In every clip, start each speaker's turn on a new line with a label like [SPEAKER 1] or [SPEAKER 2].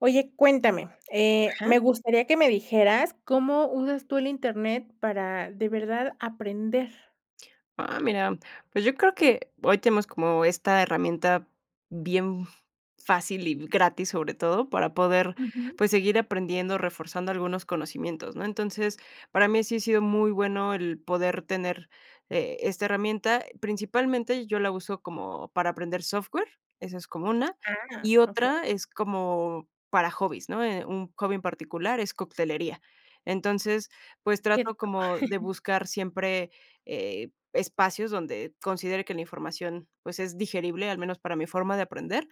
[SPEAKER 1] Oye, cuéntame, eh,
[SPEAKER 2] Ajá.
[SPEAKER 1] me gustaría que me dijeras, ¿cómo usas tú el Internet para, de verdad, aprender?
[SPEAKER 2] Ah, mira, pues, yo creo que hoy tenemos como esta herramienta bien fácil y gratis, sobre todo, para poder,
[SPEAKER 1] Ujú.
[SPEAKER 2] pues, seguir aprendiendo, reforzando algunos conocimientos, ¿no? Entonces, para mí sí ha sido muy bueno el poder tener, eh, esta herramienta. Principalmente, yo la uso como para aprender software, esa es como una,
[SPEAKER 1] Ah,
[SPEAKER 2] y
[SPEAKER 1] okey.
[SPEAKER 2] otra es como para hobbies, ¿no? Eh, un hobby en particular es coctelería. Entonces, pues
[SPEAKER 1] Que
[SPEAKER 2] trato
[SPEAKER 1] rico.
[SPEAKER 2] como de buscar siempre, eh, espacios donde considere que la información, pues es digerible, al menos para mi forma de aprender.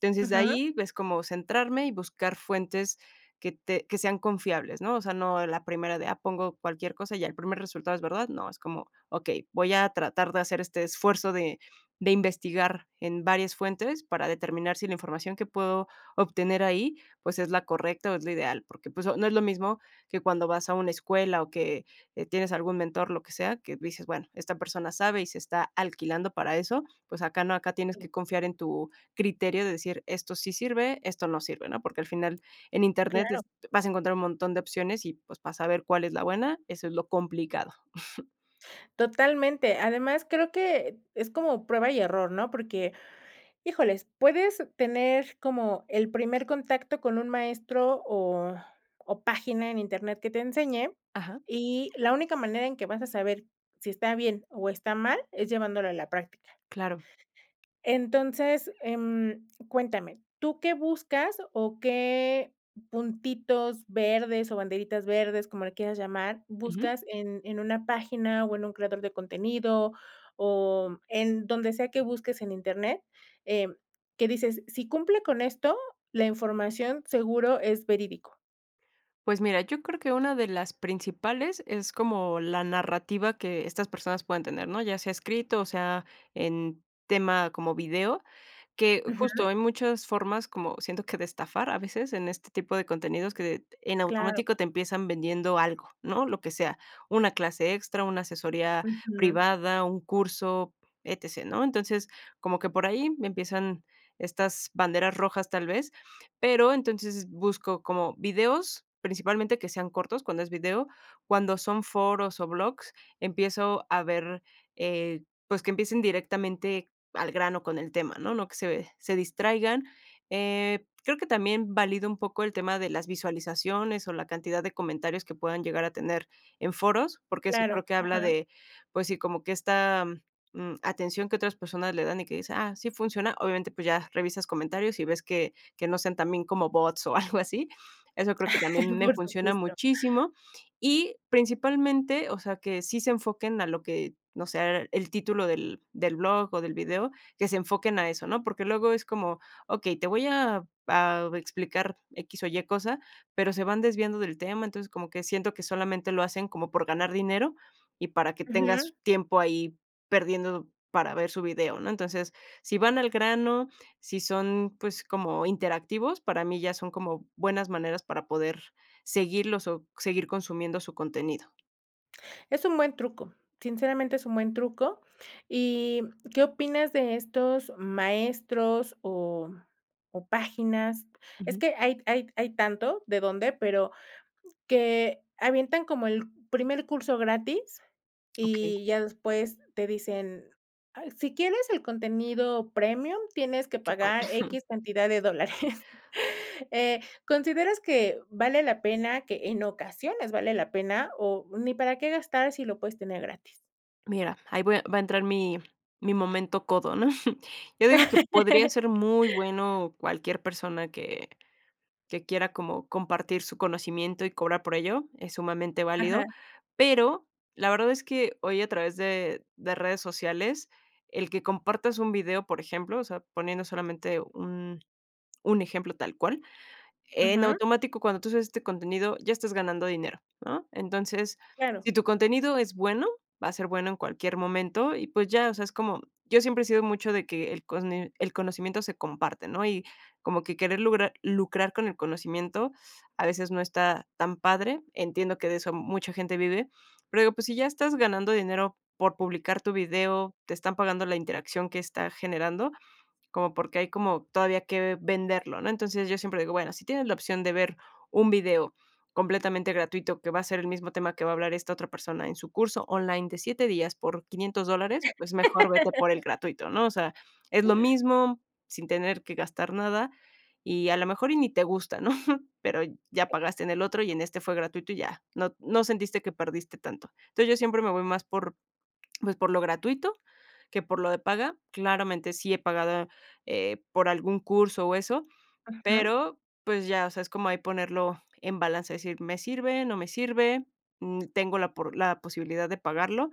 [SPEAKER 2] Entonces, de
[SPEAKER 1] Ujú.
[SPEAKER 2] ahí ves como centrarme, y buscar fuentes que te que sean confiables, ¿no? O sea, no la primera de, ah, pongo cualquier cosa y el primer resultado es verdad, no, es como: "Okey, voy a tratar de hacer este esfuerzo de de investigar en varias fuentes, para determinar si la información que puedo obtener ahí, pues, es la correcta o es lo ideal". Porque, pues, no es lo mismo que cuando vas a una escuela, o que tienes algún mentor, lo que sea, que dices: "Bueno, esta persona sabe y se está alquilando para eso". Pues, acá no, acá tienes
[SPEAKER 1] Si.
[SPEAKER 2] que confiar en tu criterio de decir: "Esto sí sirve, esto no sirve", ¿no? Porque, al final en Internet
[SPEAKER 1] Claro.
[SPEAKER 2] est vas a encontrar un montón de opciones y, pues, para saber cuál es la buena, eso es lo complicado.
[SPEAKER 1] Totalmente, además creo que es como prueba y error, ¿no? Porque, híjoles, puedes tener como el primer contacto con un maestro, o o página en Internet que te enseñe,
[SPEAKER 2] Ajá.
[SPEAKER 1] y la única manera en que vas a saber si está bien, o está mal es llevándolo a la práctica
[SPEAKER 2] Claro.
[SPEAKER 1] entonces, em, cuéntame, ¿tú qué buscas, o qué puntitos verdes, o banderitas verdes, como le quieras llamar,
[SPEAKER 2] Ujú.
[SPEAKER 1] buscas en en una página, o en un creador de contenido o en donde sea que busques en internet, eh, que dices, si cumple con esto, la información seguro es verídico.
[SPEAKER 2] Pues mira, yo creo que una de las principales es como la narrativa que estas personas puedan tener, ¿no? Ya sea escrito, o sea, en tema como video, que justo,
[SPEAKER 1] Ujú.
[SPEAKER 2] hay muchas formas como siento que de estafar a veces en este tipo de contenidos que en
[SPEAKER 1] Claro.
[SPEAKER 2] automático te empiezan vendiendo algo, ¿no? Lo que sea, una clase extra, una asesoría
[SPEAKER 1] Ujú.
[SPEAKER 2] privada, un curso, E-T-C, ¿no? Entonces, como que por ahí empiezan estas banderas rojas, tal vez, pero entonces busco como videos, principalmente que sean cortos. Cuando es video, cuando son foros o blogs, empiezo a ver, eh, pues, que empiecen directamente al grano con el tema, ¿no? No que se se distraigan. Eh, creo que también valido un poco el tema de las visualizaciones o la cantidad de comentarios que puedan llegar a tener en foros, porque eso
[SPEAKER 1] Claro,
[SPEAKER 2] creo que habla
[SPEAKER 1] ajá.
[SPEAKER 2] de, pues, sí, como que esta, mm, atención que otras personas le dan y que dice: "Ah, sí funciona", obviamente, pues, ya revisas comentarios, y ves que que no sean también como bots o algo así. Eso creo que también me
[SPEAKER 1] Por
[SPEAKER 2] funciona
[SPEAKER 1] supuesto.
[SPEAKER 2] muchísimo y principalmente, o sea, que sí se enfoquen a lo que, o sea, el título del del blog, o, del video, que se enfoquen a eso, ¿no? Porque luego es como okey, te voy a a explicar X o Y cosa, pero se van desviando del tema, entonces como que siento que solamente lo hacen como por ganar dinero, y para que tengas
[SPEAKER 1] Ujú.
[SPEAKER 2] tiempo ahí perdiendo para ver su video, ¿no? Entonces, si van al grano, si son, pues, como interactivos, para mí ya son como buenas maneras para poder seguirlos o seguir consumiendo su contenido.
[SPEAKER 1] Es un buen truco, sinceramente es un buen truco, y ¿qué opinas de estos maestros o o páginas. Es
[SPEAKER 2] Ujú.
[SPEAKER 1] que hay hay hay tanto de dónde, pero que avientan como el primer curso gratis
[SPEAKER 2] Okey.
[SPEAKER 1] y ya después te dicen: "Ah, si quieres el contenido premium, tienes que
[SPEAKER 2] Que padre.
[SPEAKER 1] pagar equis cantidad de dólares". Eh, ¿consideras que vale la pena, que en ocasiones vale la pena, o ni para qué gastar, si lo puedes tener gratis?
[SPEAKER 2] Mira, ahí voy a va a entrar mi mi momento codo, ¿no? Yo digo que podría ser muy bueno cualquier persona, que que quiera como compartir su conocimiento, y cobrar por ello, es sumamente válido,
[SPEAKER 1] Ajá.
[SPEAKER 2] pero, la verdad es que hoy a través de de redes sociales, el que compartas un video, por ejemplo, o sea, poniendo solamente un un ejemplo tal cual, en
[SPEAKER 1] Ujú.
[SPEAKER 2] automático cuando tú haces este contenido ya estás ganando dinero, ¿no? Entonces,
[SPEAKER 1] Claro.
[SPEAKER 2] si tu contenido es bueno, va a ser bueno en cualquier momento y, pues, ya, o sea, es como yo siempre he sido mucho de que el cono el conocimiento se comparte, ¿no? Y como que querer lugrar lucrar con el conocimiento a veces no está tan padre. Entiendo que de eso mucha gente vive, pero digo, pues, si ya estás ganando dinero por publicar tu video, te están pagando la interacción que está generando, ¿cómo por qué hay como todavía que venderlo?, ¿no? Entonces, yo siempre digo, bueno, si tienes la opción de ver un video completamente gratuito, que va a ser el mismo tema que va a hablar esta otra persona en su curso online de 7, días, por 500 dólares, pues mejor vete por el gratuito, ¿no? O sea, es lo mismo sin tener que gastar nada y a lo mejor y ni te gusta, ¿no? Pero, ya pagaste en el otro y en este fue gratuito y ya. No t no sentiste que perdiste tanto. Entonces, yo siempre me voy más por, pues, por lo gratuito, que por lo de paga. Claramente sí he pagado, eh, por algún curso o eso,
[SPEAKER 1] Ajá.
[SPEAKER 2] pero, pues ya, o sea, es como ahí ponerlo en balance, decir, me sirve, no me sirve, mm, tengo la por la posibilidad de pagarlo,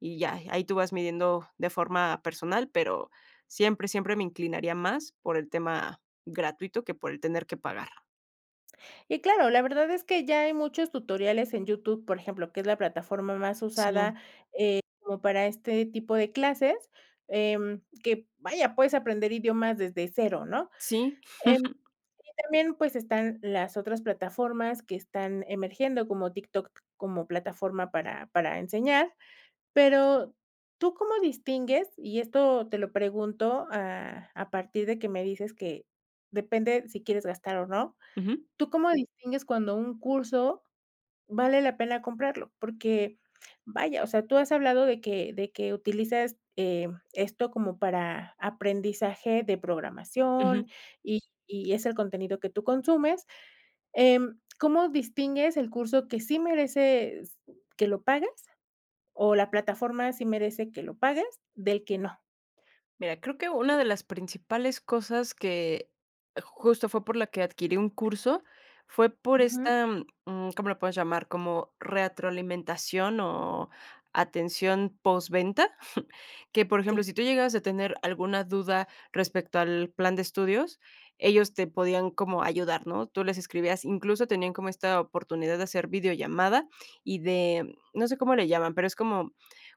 [SPEAKER 2] y ya, ahí tú vas midiendo de forma personal, pero siempre siempre me inclinaría más por el tema gratuito, que por el tener que pagar.
[SPEAKER 1] Y claro, la verdad es que ya hay muchos tutoriales en YouTube, por ejemplo que es la plataforma más
[SPEAKER 2] Sí.
[SPEAKER 1] usada, eh, como para este tipo de clases, em, que, vaya puedes aprender idiomas desde 0, ¿no?
[SPEAKER 2] Sí.
[SPEAKER 1] Em, y también, pues, están las otras plataformas, que están emergiendo como TikTok, como plataforma para para enseñar. Pero, ¿tú cómo distingues? Y esto te lo pregunto a a partir de que me dices que depende si quieres gastar o no,
[SPEAKER 2] Ujú.
[SPEAKER 1] ¿tú cómo distingues cuando un curso, vale la pena comprarlo? Porque vaya, o sea, tú has hablado de que de que utilizas, em, esto como para aprendizaje de
[SPEAKER 2] Ujú.
[SPEAKER 1] programación, y y es el contenido que tú consumes. Em, ¿cómo distingues el curso que sí mereces que lo pagues, o la plataforma sí merece que lo pagues, del que no?
[SPEAKER 2] Mira, creo que una de las principales cosas, que justo fue por la que adquirí un curso fue por
[SPEAKER 1] Ujú.
[SPEAKER 2] esta, mm, ¿cómo le puedes llamar? Como retroalimentación o atención posventa. Que, por ejemplo,
[SPEAKER 1] Sí.
[SPEAKER 2] si tú llegabas a tener alguna duda respecto al plan de estudios, ellos te podían como ayudar, ¿no? Tú les escribías, incluso tenían como esta oportunidad de hacer videollamada y de, no sé cómo le llaman, pero, es como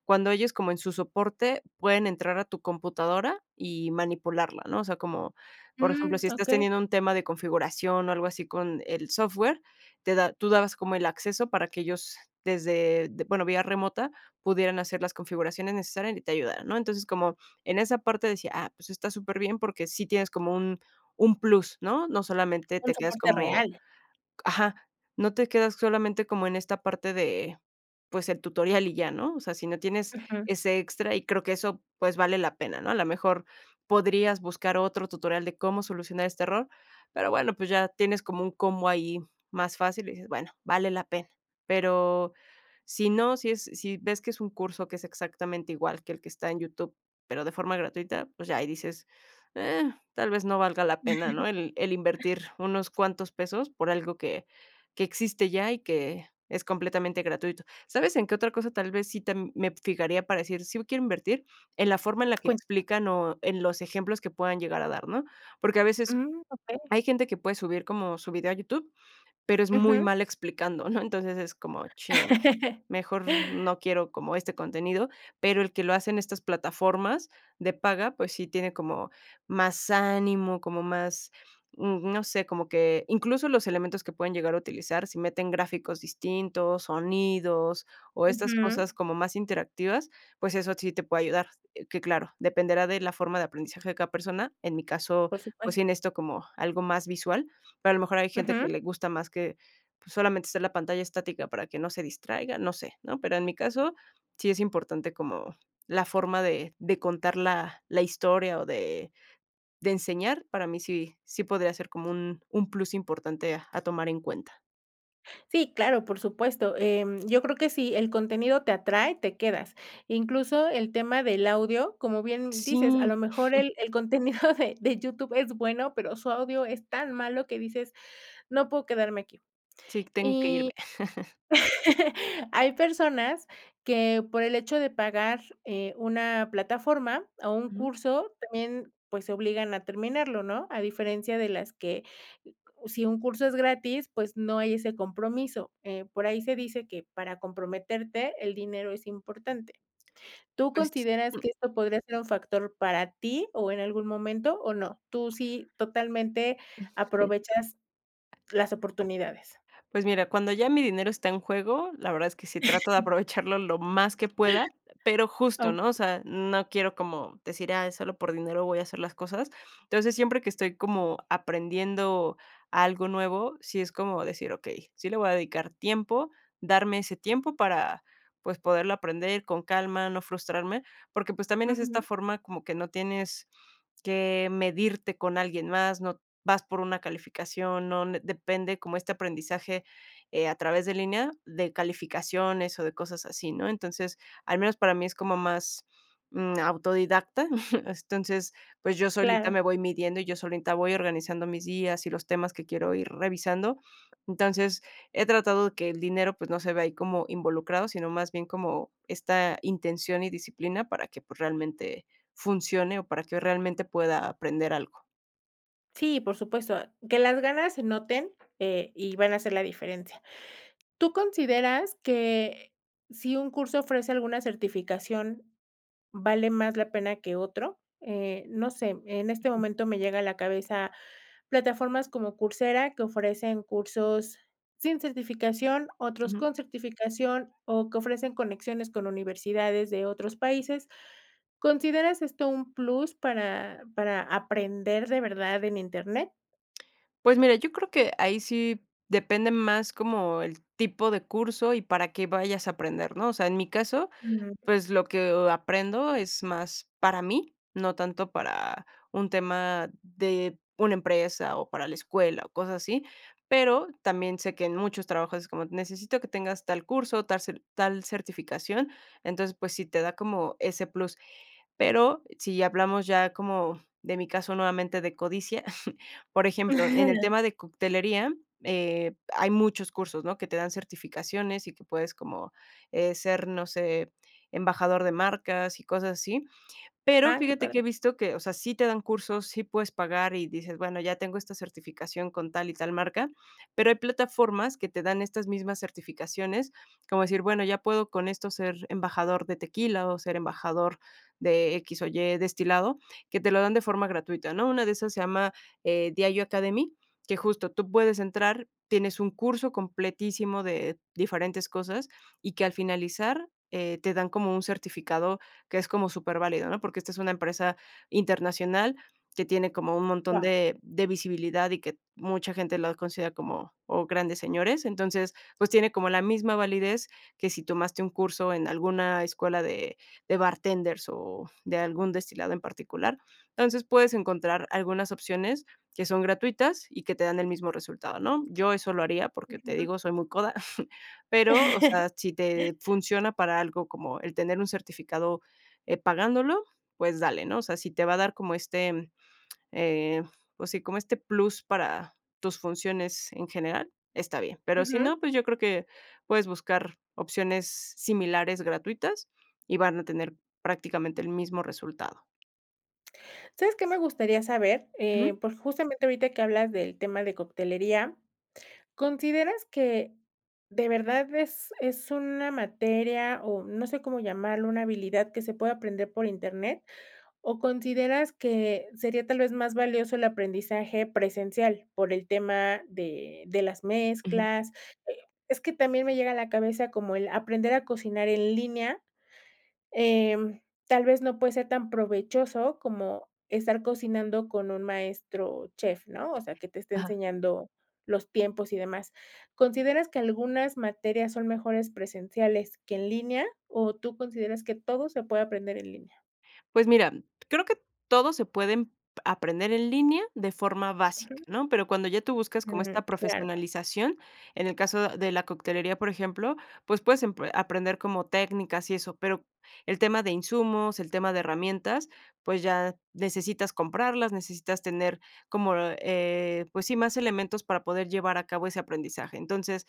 [SPEAKER 2] cuando ellos como en su soporte pueden entrar a tu computadora y manipularla, ¿no? O sea, como, por ejemplo,
[SPEAKER 1] Mm.
[SPEAKER 2] si estás
[SPEAKER 1] Okey.
[SPEAKER 2] teniendo un tema de configuración, o algo así con el software, te da tú dabas como el acceso para que ellos desde de, bueno, vía remota pudieran hacer las configuraciones necesarias y te ayudara ¿no? Entonces como en esa parte decía, ah pues, está superbién porque sí tienes como un un plus, ¿no? No, solamente
[SPEAKER 1] Un
[SPEAKER 2] te quedas
[SPEAKER 1] soporte
[SPEAKER 2] como,
[SPEAKER 1] real.
[SPEAKER 2] ajá, no te quedas solamente como en esta parte de, pues el tutorial y ya, ¿no? O sea, si no tienes
[SPEAKER 1] Ujú.
[SPEAKER 2] ese extra y creo que eso, pues vale la pena, ¿no? A lo mejor podrías buscar otro tutorial de cómo solucionar este error, pero bueno, pues, ya tienes como un combo ahí más fácil y dices, bueno, vale la pena. Pero, si no, si es si ves que es un curso que es exactamente igual que el que está en YouTube, pero de forma gratuita, pues ya ahí dices, eh, tal vez no valga la pena, ¿no? El el invertir unos cuantos pesos, por algo que que existe ya, y que es completamente gratuito, ¿sabes en qué otra cosa tal vez sí tam me fijaría para decir, sí b quiero invertir? En la forma en la que
[SPEAKER 1] Cuentame.
[SPEAKER 2] explican o en los ejemplos que puedan llegar a dar, ¿no? Porque, a veces
[SPEAKER 1] Mm, okey.
[SPEAKER 2] hay gente que puede subir como su video a YouTube, pero es muy
[SPEAKER 1] Ujú.
[SPEAKER 2] mal explicando, ¿no? Entonces, es como chin, mejor no quiero como este contenido, pero, el que lo hace en estas plataformas de paga, pues sí tiene como más ánimo, como más, mm, no sé, como que incluso los elementos que pueden llegar a utilizar, si meten gráficos distintos, sonidos o estas
[SPEAKER 1] Ujú.
[SPEAKER 2] cosas como más interactivas, pues eso, sí te puede ayudar. Eh, que claro, dependerá de la forma de aprendizaje de cada persona. En mi caso,
[SPEAKER 1] Por
[SPEAKER 2] pues sí
[SPEAKER 1] supuesto.
[SPEAKER 2] necesito como algo más visual, pero a lo mejor hay gente
[SPEAKER 1] Ujú.
[SPEAKER 2] que le gusta más que, pues solamente hacer la pantalla estática para que no se distraiga, no sé, ¿no? Pero en mi caso, sí es importante como la forma de de contar la la historia, o de de enseñar, para mí sí sí podría ser como un un plus importante a tomar en cuenta.
[SPEAKER 1] Sí, claro, por supuesto, em, yo creo que sí, el contenido te atrae, te quedas. Incluso el tema del audio, como bien, mm, dices, a
[SPEAKER 2] Sí.
[SPEAKER 1] lo mejor el el contenido de de YouTube es bueno, pero su audio es tan malo que dices: "No puedo quedarme aquí".
[SPEAKER 2] Sí, tengo que
[SPEAKER 1] Y,
[SPEAKER 2] irme.
[SPEAKER 1] hay personas que por el hecho de pagar, eh, una plataforma, o un
[SPEAKER 2] Ujú.
[SPEAKER 1] curso también, pues, se obligan a terminarlo, ¿no? A diferencia de las que, si un curso es gratis, pues, no hay ese compromiso, eh, por ahí se dice que, para comprometerte, el dinero es importante. ¿Tú
[SPEAKER 2] Pues,
[SPEAKER 1] consideras
[SPEAKER 2] mm.
[SPEAKER 1] que esto podría ser un factor para ti, o en algún momento o no? Tú sí, totalmente,
[SPEAKER 2] Ujú,
[SPEAKER 1] aprovechas las oportunidades.
[SPEAKER 2] pues, mira, cuando ya mi dinero está en juego, la verdad es que sí
[SPEAKER 1] .
[SPEAKER 2] trato de aprovecharlo lo más que pueda, eh, pero, justo, ¿no?, o
[SPEAKER 1] Okey.
[SPEAKER 2] sea, no quiero como decir: "Ah, solo por dinero voy a hacer las cosas". Entonces, siempre que estoy como aprendiendo algo nuevo, sí es como decir: "Okey, sí le voy a dedicar tiempo, darme ese tiempo para, pues, poderlo aprender con calma, no frustrarme". Porque, pues, también es esta
[SPEAKER 1] Ujú.
[SPEAKER 2] forma como que no tienes que medirte con alguien más, no vas por una calificación, no n depende como este aprendizaje, eh, a través de línea, de calificaciones, o de cosas así, ¿no? Entonces, al menos para mí, es como más, mm, autodidacta. Entonces, pues, yo solita
[SPEAKER 1] Claro.
[SPEAKER 2] me voy midiendo, y yo solita voy organizando mis días y los temas que quiero ir revisando. Entonces, he tratado que el dinero, pues, no se vea ahí como involucrado, sino más bien como esta intención y disciplina para que, pues, realmente funcione o para que realmente pueda aprender algo.
[SPEAKER 1] Sí, por supuesto, ah, que las ganas se noten, eh, y van a hacer la diferencia. ¿Tú consideras que si un curso ofrece alguna certificación vale más la pena que otro? Eh, no sé, en este momento me llega a la cabeza plataformas como Coursera, que ofrecen cursos sin certificación, otros
[SPEAKER 2] Ujú.
[SPEAKER 1] con certificación, o, que ofrecen conexiones con universidades de otros países. ¿Consideras esto un plus para para aprender de verdad en internet?
[SPEAKER 2] Pues mira, yo creo que ahí sí depende más como el tipo de curso, y para qué vayas a aprender, ¿no? O sea, en mi caso,
[SPEAKER 1] Ujú.
[SPEAKER 2] pues, lo que, o aprendo es más para mí, no tanto para un tema de una empresa, o, para la escuela, o, cosas así. Pero también sé que en muchos trabajos es como necesito que tengas tal curso, tar tal certificación. Entonces, pues, sí te da como ese plus. Pero, si hablamos ya como de mi caso nuevamente de codicia, por ejemplo, en el tema de coctelería, eh, hay muchos cursos, ¿no? Que te dan certificaciones, y que puedes como, eh, ser, no sé, embajador de marcas y cosas así. Pero,
[SPEAKER 1] Ah, qué
[SPEAKER 2] fíjate que he
[SPEAKER 1] padre.
[SPEAKER 2] visto que, o sea, sí te dan cursos, sí puedes pagar, y dices: "Bueno, ya tengo esta certificación con tal y tal marca", pero hay plataformas que te dan estas mismas certificaciones, como decir: "Bueno ya puedo con esto ser embajador de tequila, o, ser embajador de X o Y destilado", que te lo dan de forma gratuita, ¿no? Una de esas se llama, eh, Diageo Academy, que justo tú puedes entrar, tienes un curso completísimo de diferentes cosas, y que al finalizar, eh, te dan como un certificado que es como superválido, ¿no? Porque, esta es una empresa internacional que tiene como un montón
[SPEAKER 1] Guau.
[SPEAKER 2] de de visibilidad, y que mucha gente los considera como, o, grandes señores. Entonces, pues, tiene como la misma validez que si tomaste un curso en alguna escuela de de bartenders, o, de algún destilado en particular. Entonces, puedes encontrar algunas opciones que son gratuitas, y que te dan el mismo resultado, ¿no? Yo eso lo haría, porque te
[SPEAKER 1] [unintelligible]
[SPEAKER 2] digo, soy muy coda, pero, o sea, si te funciona para algo como el tener un certificado, eh, pagándolo, pues dale, ¿no? O sea, si te va a dar como este, eh, pues sí, como este plus para tus funciones en general, está bien, pero si
[SPEAKER 1] Ujú.
[SPEAKER 2] no, pues, yo creo que puedes buscar opciones similares gratuitas y van a tener prácticamente el mismo resultado.
[SPEAKER 1] ¿Sabes que me gustaría saber?, eh,
[SPEAKER 2] Ujú.
[SPEAKER 1] por justamente ahorita que hablas del tema de coctelería, ¿consideras que de verdad es es una materia, o no sé cómo llamarlo, una habilidad que se pueda aprender por internet? ¿O consideras que sería tal vez más valioso el aprendizaje presencial? Por el tema de de las
[SPEAKER 2] Ujú.
[SPEAKER 1] mezclas, eh, es que también me llega a la cabeza como el aprender a cocinar en línea. Em, tal vez no puede ser tan provechoso como estar cocinando con un maestro chef, ¿no?, o sea, que te esté
[SPEAKER 2] Ajá.
[SPEAKER 1] enseñando los tiempos y demás, ¿consideras que algunas materias son mejores presenciales que en línea, o tú consideras que todo se puede aprender en línea?
[SPEAKER 2] Pues mira, creo que todos se pueden p aprender en línea de forma básica,
[SPEAKER 1] Ujú.
[SPEAKER 2] ¿no?, pero, cuando ya tú buscas como
[SPEAKER 1] Mm,
[SPEAKER 2] esta
[SPEAKER 1] claro.
[SPEAKER 2] profesionalización, en el caso de la coctelería, por ejemplo, pues, puedes empre aprender como técnicas y eso, pero, el tema de insumos, el tema de herramientas, pues ya, necesitas comprarlas, necesitas tener como, eh, pues sí, más elementos para poder llevar a cabo ese aprendizaje. Entonces,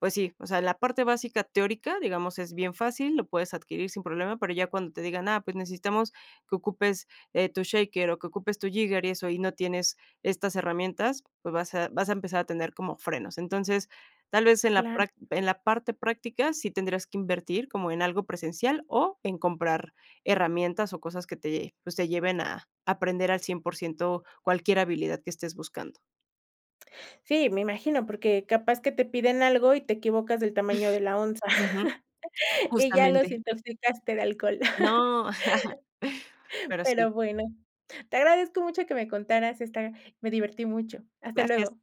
[SPEAKER 2] pues sí, o sea, la parte básica teórica, digamos, es bien fácil, lo puedes adquirir sin problema, pero ya cuando te digan: "Ah, pues necesitamos que ocupes, eh, tu shaker o que ocupes tu jigger y eso", y no tienes estas herramientas, pues, vas a vas a empezar a tener como frenos. Entonces, tal vez en la
[SPEAKER 1] Claro.
[SPEAKER 2] prac en la parte práctica, sí tendrías que invertir como en algo presencial o en comprar herramientas o cosas que te pues, te lleven a aprender al cien por ciento cualquier habilidad que estés buscando.
[SPEAKER 1] Sí, me imagino, porque capaz que te piden algo y te equivocas del tamaño de la onza.
[SPEAKER 2] Ujú.
[SPEAKER 1] Y ya los
[SPEAKER 2] Justamente.
[SPEAKER 1] intoxicaste de alcohol.
[SPEAKER 2] No. Pero sí.
[SPEAKER 1] Pero bueno, te agradezco mucho que me contaras esta me divertí mucho. Hasta
[SPEAKER 2] Gracias.
[SPEAKER 1] luego.